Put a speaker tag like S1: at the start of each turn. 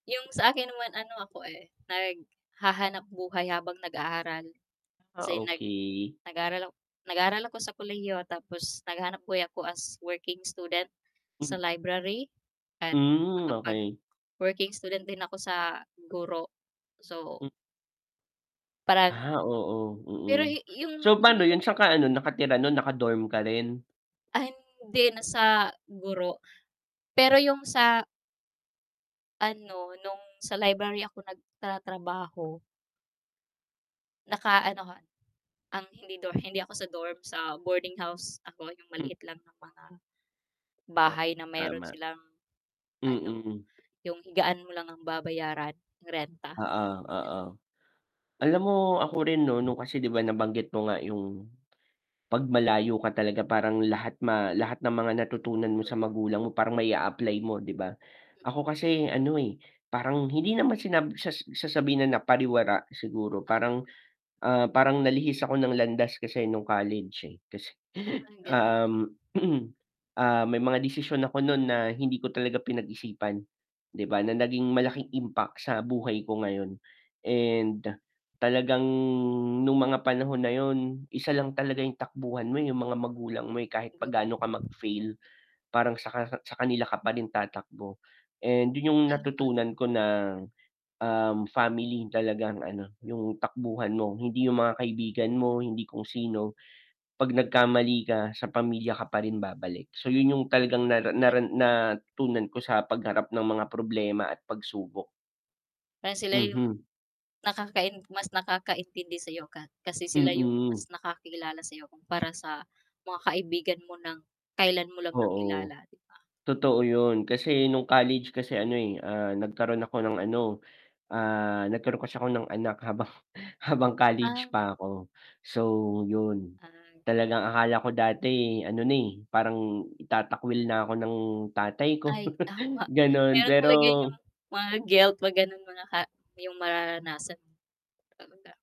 S1: 'Yong sa akin naman, ano ako, eh, naghahanap-buhay habang nag-aaral.
S2: Ah,
S1: Kasi nag
S2: okey.
S1: nag-aral nag-aral ako sa kolehiyo tapos naghahanap-buhay ako as working student,
S2: Hmm.
S1: sa library at
S2: Hmm, okey.
S1: nakapag-working student din ako sa guro. So
S2: Mm.
S1: parang
S2: Ah, oo, mm.
S1: pero hi yung
S2: So,
S1: yung
S2: pa'no
S1: [unintelligible]
S2: yun? Sa'n ka ano nakatira nun, naka-dorm ka rin?
S1: Ay hindi na sa guro, pero yung sa ano nung sa library ako nagtratrabaho Naka ano 'ko ang hindi do hindi ako sa dorm, sa boarding house ako, yung
S2: Hmm.
S1: maliit lang na mga
S2: O
S1: bahay na meron
S2: tama.
S1: silang ano,
S2: Mm.
S1: yung higaan mo lang ang babayaran, renta.
S2: Oo,
S1: Yan.
S2: oo. Alam mo ako rin 'no, 'no kasi 'di ba, nabanggit mo nga yung 'pag malayo ka talaga parang lahat ma lahat ng mga natutunan mo
S1: [unintelligible]
S2: sa magulang mo parang mai-a-apply mo 'di ba? Ako kasi ano, eh, parang hindi naman sinab sa sasabihin na napariwara siguro,
S1: Oo.
S2: parang, ah, parang nalihis ako ng landas kasi nung college, eh. 'Tas,
S1: Parang ganun.
S2: um, ah, may mga desisyon ako nun na hindi ko talaga pinag-isipan, 'di ba, na naging malaking impact sa buhay ko ngayon. And, talagang nung mga panahon na yun, isa lang talaga yung takbuhan mo, yung mga magulang mo, eh, kahit pa
S1: Siguro
S2: gaano ka mag-fail, parang saka sa kanila ka pa rin tatakbo. And, yun yung
S1: [unintelligible]
S2: natutunan ko na, um, family talagang ano, yung takbuhan mo, hindi yung mga kaibigan mo, hindi kung sino, 'pag nagkamali ka sa pamilya ka pa rin babalik. So, yun yung talagang nara
S1: Pero
S2: nara natutunan ko sa pagharap ng mga problema at pagsubok.
S1: Kaya sila yung
S2: Mhm.
S1: nakakain mas nakakaintindi sayo ka kasi sila yung mas
S2: Mm.
S1: nakakilala sa 'yo kumpara sa mga kaibigan mo ng kailan mo lang nakilala,
S2: Oo.
S1: 'di ba.
S2: Totoo yun, kasi nung college kasi ano, eh, ah, nagkaroon ako ng ano, ah, nagkaroon kasi ako ng anak habang habang
S1: Ah.
S2: college pa 'ko, so yun.
S1: Ah.
S2: Talagang akala ko dati ano na, eh, parang itatakwil na ako ng tatay ko
S1: Ay tama,
S2: gano'n,
S1: meron talaga yung
S2: pero
S1: mga guilt 'pag ganun mga ka yung mararanasan. Aruga.